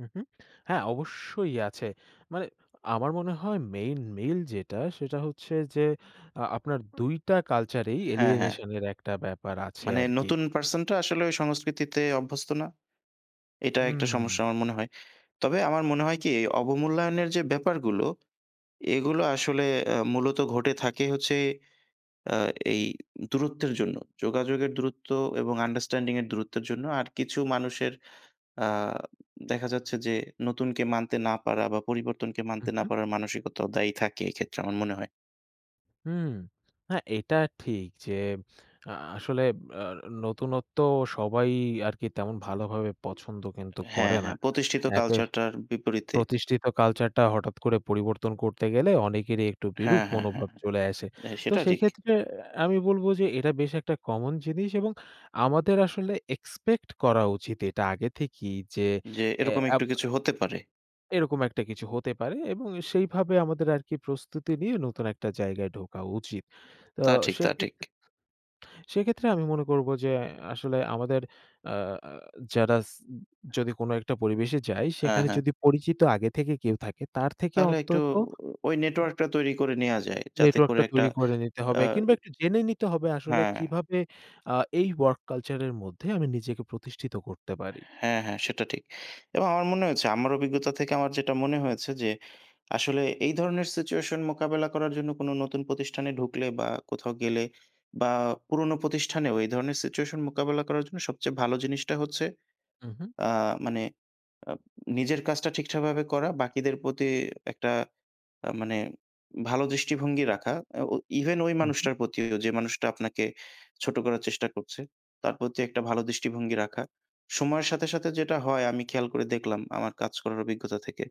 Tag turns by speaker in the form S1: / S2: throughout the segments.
S1: হু, হু, হ্যাঁ অবশ্যই আছে। মানে আমার মনে হয় মেইন মেইল যেটা, সেটা হচ্ছে যে আ আপনার ২ টা কালচারেই
S2: হ্যাঁ, হ্যাঁ।
S1: alienation এর একটা ব্যাপার আছে
S2: মানে
S1: আরকি।
S2: নতুন পারসনটা আসলে ওই সংস্কৃতিতে অভ্যস্ত না। এটা একটা
S1: হুম।
S2: সমস্যা আমার মনে হয়। তবে আমার মনে হয় কি, অবমূল্যায়নের যে ব্যাপারগুলো এগুলো আসলে আ মূলত ঘটে থাকে হচ্ছে আ এই দূরত্বের জন্য। যোগাযোগের দূরত্ব এবং আন্ডারস্ট্যান্ডিং এর দূরত্বের জন্য। আর কিছু মানুষের আ দেখা যাচ্ছে যে নতুনকে মানতে না পারা বা পরিবর্তনকে মানতে
S1: হুম,
S2: না
S1: হুম।
S2: পারার মানসিকতাও দায়ী থাকে এক্ষেত্রে আমার মনে হয়।
S1: হুম। হ্যাঁ এটা ঠিক যে আ আসলে আ নতুনত্ব সবাই আরকি তেমন ভালোভাবে পছন্দ কিন্তু
S2: হ্যাঁ,
S1: করে না।
S2: হ্যাঁ প্রতিষ্ঠিত
S1: একে
S2: কালচারটার বিপরীতে।
S1: প্রতিষ্ঠিত কালচারটা হঠাৎ করে পরিবর্তন করতে গেলে অনেকেরই একটু বিরূপ
S2: হ্যাঁ, হ্যাঁ, হ্যাঁ,
S1: মনোভাব
S2: হ্যাঁ
S1: চলে আসে।
S2: ভাই
S1: তো
S2: সেটা ঠিক।
S1: সেক্ষেত্রে আমি বলব যে এটা বেশ একটা কমন জিনিস এবং আমাদের আসলে এক্সপেক্ট করা উচিত। এটা আগে থেকেই যে
S2: যে
S1: এ
S2: এরকম
S1: আব
S2: একটু কিছু হতে পারে।
S1: এরকম একটা কিছু হতে পারে এবং সেইভাবে আমাদের আরকি প্রস্তুতি নিয়ে নতুন একটা জায়গায় ঢোকা উচিত। তো
S2: তা ঠিক। তা ঠিক।
S1: সেক্ষেত্রে সেক্ষেত্রে আমি মনে করব যে, আসলে আমাদের আ যারাস যদি কোনো একটা পরিবেশে যায়
S2: হ্যাঁ,
S1: সেখানে
S2: হ্যাঁ।
S1: যদি পরিচিত আগে থেকে কেউ থাকে তার থেকে
S2: তাহলে একটু,
S1: অন্তত
S2: ওই নেটওয়ার্কটা তৈরি করে নেয়া
S1: [unintelligible]
S2: যায়, যাতে করে
S1: নেটওয়ার্কটা
S2: একটা
S1: তৈরি করে নিতে
S2: আ
S1: হবে। কিংবা
S2: ই
S1: একটু জেনে নিতে হবে আসলে
S2: হ্যাঁ।
S1: কিভাবে আ এই ওয়ার্ক কালচার এর মধ্যে আমি নিজেকে প্রতিষ্ঠিত করতে পারি।
S2: হ্যাঁ, হ্যাঁ সেটা ঠিক। এবং আমার মনে হয়েছে আমার অভিজ্ঞতা থেকে আমার যেটা মনে হয়েছে যে, আসলে এই ধরনের সিচুয়েশন মোকাবেলা করার জন্য কোন নতুন প্রতিষ্ঠানে ঢুকলে বা কোথাও গেলে। বা পুরোনো প্রতিষ্ঠানেও এই ধরনের সিচুয়েশন মোকাবেলা করার জন্য সবচেয়ে ভালো জিনিসটা হচ্ছে
S1: হুম, হুম।
S2: আ মানে আ নিজের কাজটা ঠিকঠাকভাবে করা বাকিদের প্রতি একটা আ মানে ভালো দৃষ্টিভঙ্গি রাখা। আ ও ইভেন ওই
S1: হুম, হুম।
S2: মানুষটার প্রতিও যে মানুষটা আপনাকে ছোট করার চেষ্টা করছে। তার প্রতি একটা ভালো দৃষ্টিভঙ্গি রাখা সময়ের সাথে, সাথে, যেটা হয় আমি খেয়াল করে দেখলাম আমার কাজ করার অভিজ্ঞতা থেকে।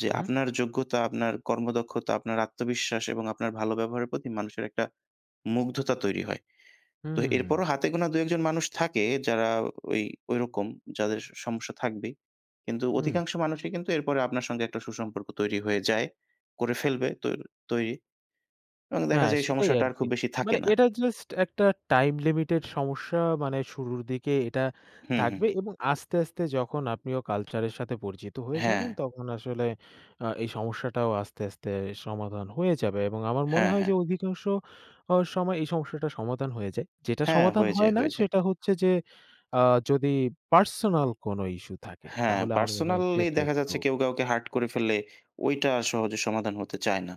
S2: যে
S1: হুম।
S2: আপনার যোগ্যতা, আপনার কর্মদক্ষতা, আপনার আত্মবিশ্বাস এবং আপনার ভালো ব্যবহারের প্রতি মানুষের একটা মুগ্ধতা তৈরি হয়। তো
S1: হুম।
S2: এরপরও হাতেগোনা ২, ১ জন মানুষ থাকে। যারা ওই ঐরকম যাদের স সমস্যা থাকবেই। কিন্তু
S1: হুম।
S2: অধিকাংশ মানুষই কিন্তু এরপরে আপনার সঙ্গে একটা সুসম্পর্ক তৈরি হয়ে যায়। করে ফেলবে তোর তৈরি এবং দেখা
S1: হ্যাঁ
S2: যায় এই
S1: সেটাই
S2: সমস্যাটা আর
S1: আরকি।
S2: খুব বেশি
S1: মানে
S2: থাকে না।
S1: এটা জাস্ট একটা টাইম লিমিটেড সমস্যা। মানে শুরুর দিকে এটা
S2: হুম, হুম।
S1: থাকবে এবং আস্তে, আস্তে যখন আপনিও কালচার এর সাথে পরিচিত হয়ে যাবেন।
S2: হ্যাঁ।
S1: তখন আসলে আ এই সমস্যাটাও আস্তে, আস্তে, সমাধান হয়ে যাবে এবং আমার মনে
S2: হ্যাঁ,
S1: হয়
S2: হ্যাঁ।
S1: যে অধিকাংশ সময় অ এই সমস্যাটা সমাধান হয়ে যায়। যেটা
S2: হ্যাঁ,
S1: সমাধান
S2: হয়ে যায়
S1: হয় না
S2: হয়ে যায়।
S1: সেটা হচ্ছে যে আ যদি পার্সোনাল কোনো ইস্যু থাকে
S2: হ্যাঁ,
S1: তাহলে আমার মনে হয়
S2: পার্সোনালি
S1: সেটা
S2: দেখা যাচ্ছে
S1: একটু
S2: কেউ কাউকে হার্ট করে ফেললে ওইটা সহজে সমাধান হতে চায় না।